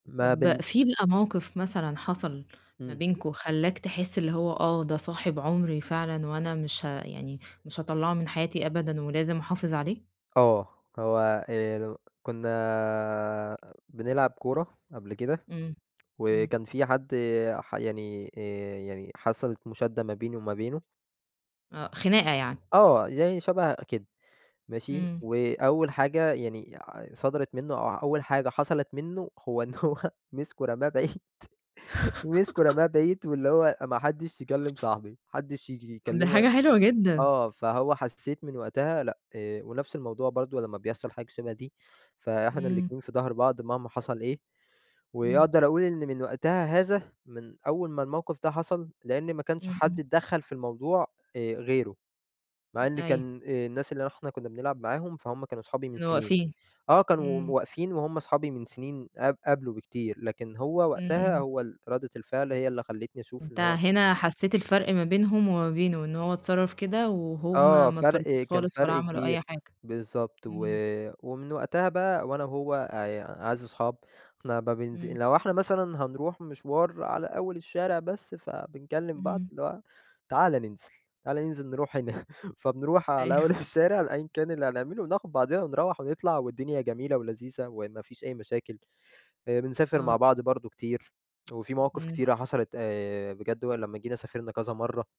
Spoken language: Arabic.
ما بن طب في بقى موقف مثلًا حصل ما إمم. بينكم، خلّاك تحس اللي هو آه ده صاحب عمري فعلًا، وأنا مش ه يعني مش هاطلّعه من حياتي أبدًا، ولازم أحافظ عليه؟ آه، هو هي لو كنّا بنلعب كورة قبل كده، إمم، إمم. وكان في حد ح يعني آآ يعني حصلت مشادّة ما بيني وما بينه آه، خناقة يعني. آه يعني شبه كده. ماشي، إمم. وأول حاجة يعني ع صدرت منه، أو أول حاجة حصلت منه، هو إن هو مسكه رماه بعيد، مسكه رماه بعيد، واللي هو ما حدّش يكلّم صاحبي، ما حدّش ييجي طب ده يكلّمه حاجة حلوة جدًا. آه فهو حسّيت من وقتها لأ، ونفْس الموضوع برضه لمّا بيحصل حاجة شبه دي، فإحنا إمم. الاتنين في ضهر بعض مهما حصل إيه، إمم. وأقدر أقول إن من وقتها هذا، من أول ما الموقف ده حصل، لإن ما كانش إمم، حد إمم. اتدخّل في الموضوع، آآ، غيره، م مع إن أيوه. كان الناس اللي إحنا كنّا بنلعب معاهم فهم كانوا صحابي من اللي سنين، واقفين، آه كانوا إمم. واقفين وهُم أصحابي من سنين قب قبله بكتير، لكن هو إمم، وقتها إمم. هو ال ردة الفعل هي اللي خلّتني أشوف أنت إن هو هنا حسّيت الفرق ما بينهم وما بينه، إن هو اتصرّف كده، وهُم آه ما اتصرّفوش فرْق كان خالص ولا فرْق عملوا أي كبير، حاجة، بالضبط، و إمم. ومن وقتها بقى وأنا وهو أ أعز صحاب، إحنا [unintelligible] إمم. لو إحنا مثلًا هنروح مشوار على أول الشارع بس فبنكلّم بعض، إمم. اللي هو تعالَ ننزل، تعالَ ننزل نروح هنا فبنروح أيوه. على أول الشارع أيًا كان اللي هنعمله وناخد بعضينا ونروّح ونطلع والدنيا جميلة ولذيذة وما فيش أي مشاكل، بنسافر آه. مع بعض برضه كتير، وفي مواقف إمم. كتيرة حصلت آآ بجد ولمّا جينا سافرنا كذا مَرّة.